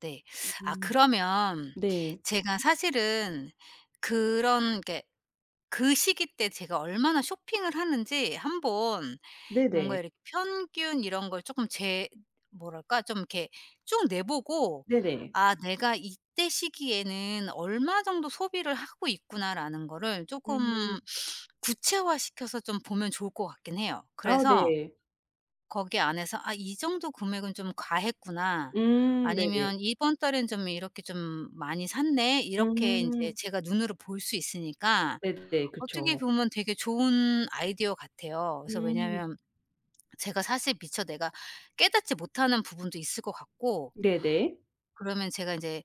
네. 아 음. 그러면 네. 제가 사실은 그런 게 그 시기 때 제가 얼마나 쇼핑을 하는지 한번 뭔가 네네. 이렇게 평균 이런 걸 쪼끔 재 뭐랄까? 좀 이렇게 쭉 내 보고 네네. '아 내가 이때 시기에는 얼마 정도 소비를 하고 있구나.'라는 거를 음. 쪼끔 구체화시켜서 좀 보면 좋을 것 같긴 해요. 아 그래서 네. 거기 안에서 '아 이 정도 금액은 좀 과했구나.' 음. 네네. 아니면 '이번 달에는 좀 이렇게 좀 많이 샀네.' 이렇게 인제 음. 제가 눈으로 볼 수 있으니까 네네. 어떻게 그쵸. 보면 되게 좋은 아이디어 같아요. 그래서 음. 왜냐면 제가 사실 미처 내가 깨닫지 못하는 부분도 있을 것 같고 네네. 그러면 제가 인제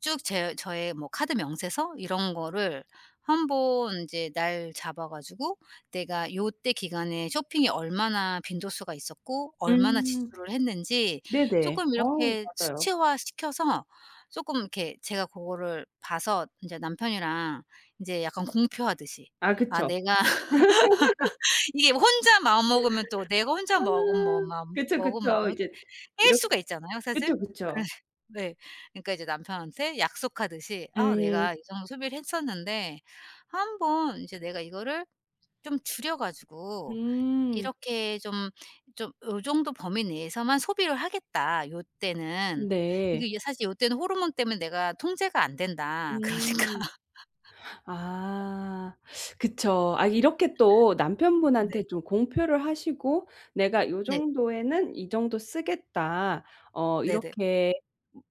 쭉 제 저의 뭐 카드 명세서 이런 거를 한번 이제 날 잡아 가지고 내가 요때 기간에 쇼핑이 얼마나 빈도수가 있었고 얼마나 음. 지출을 했는지 네네. 쪼끔 어. 이렇게 맞아요. 수치화시켜서 쪼끔 이렇게 제가 고거를 봐서 이제 남편이랑 이제 약간 공표하듯이 아. 아 그쵸. 내가 이게 혼자 마음 먹으면 또 내가 혼자 아. 먹으면 뭐 마음 그쵸, 먹은 그쵸. 마음을 이제 뺄 이렇 수가 있잖아요, 사실. 그쵸, 그래 그쵸. 네. 그러니까 이제 남편한테 약속하듯이 "아 음. 내가 이 정도 소비를 했었는데 한번 이제 내가 이거를 좀 줄여 가지고 음. 이렇게 좀 좀 요 정도 범위 내에서만 소비를 하겠다 요때는. 이게 네. 이게 사실 이때는 호르몬 때문에 내가 통제가 안된다. 그러니까" 음. 아. 그쵸. 아 이렇게 또 남편분한테 네. 좀 공표를 하시고 "내가 요 네. 정도에는 이 정도 쓰겠다." 어 네네. 이렇게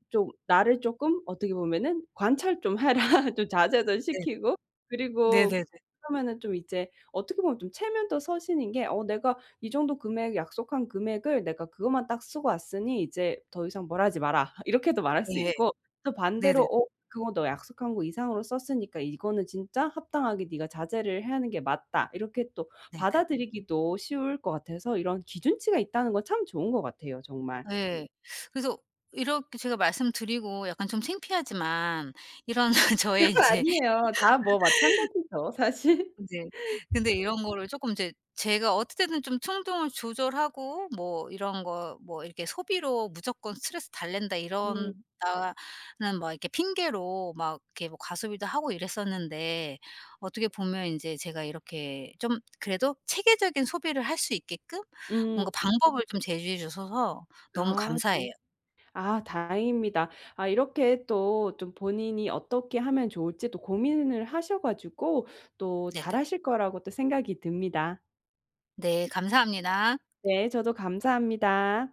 좀 나를 쪼끔 어떻게 보면은 "관찰 좀 해라, 좀 자제도 네. 시키고." 그리고 네네네. 그러면은 좀 이제 어떻게 보면 좀 체면도 서시는 게 어 "내가 이 정도 금액, 약속한 금액을 내가 그것만 딱 쓰고 왔으니 이제 더 이상 뭐라 하지 마라." 이렇게도 말할 수 예. 있고 또 반대로 네네네. "어 그거 너 약속한 거 이상으로 썼으니까 이거는 진짜 합당하게 니가 자제를 해야 하는 게 맞다." 이렇게 또 네네. 받아 들이기도 쉬울 것 같아서 이런 기준치가 있다는 건 참 좋은 것 같아요, 정말. 네. 그래서 이렇게 제가 말씀 드리고 약간 좀 창피하지만 이런 저의 이제 아니에요. 다 뭐 마찬가지죠, 사실. 인제 근데 이런 거를 쪼끔 이제 제가 어떨 때는 좀 충동을 조절하고 뭐 이런 거 뭐 이렇게 "소비로 무조건 스트레스 달랜다." 이런다는 음. 막 이렇게 핑계로 막 이렇게 뭐 과소비도 하고 이랬었는데 어떻게 보면 인제 제가 이렇게 좀 그래도 체계적인 소비를 할 수 있게끔 음. 뭔가 방법을 좀 제시해 주셔서 너무 아. 감사해요. 네. 아 다행입니다. 아 이렇게 또 좀 본인이 어떻게 하면 좋을지 또 고민을 하셔 가지고 또 잘 네네. 하실 거라고 또 생각이 듭니다. 네. 감사합니다. 네. 저도 감사합니다.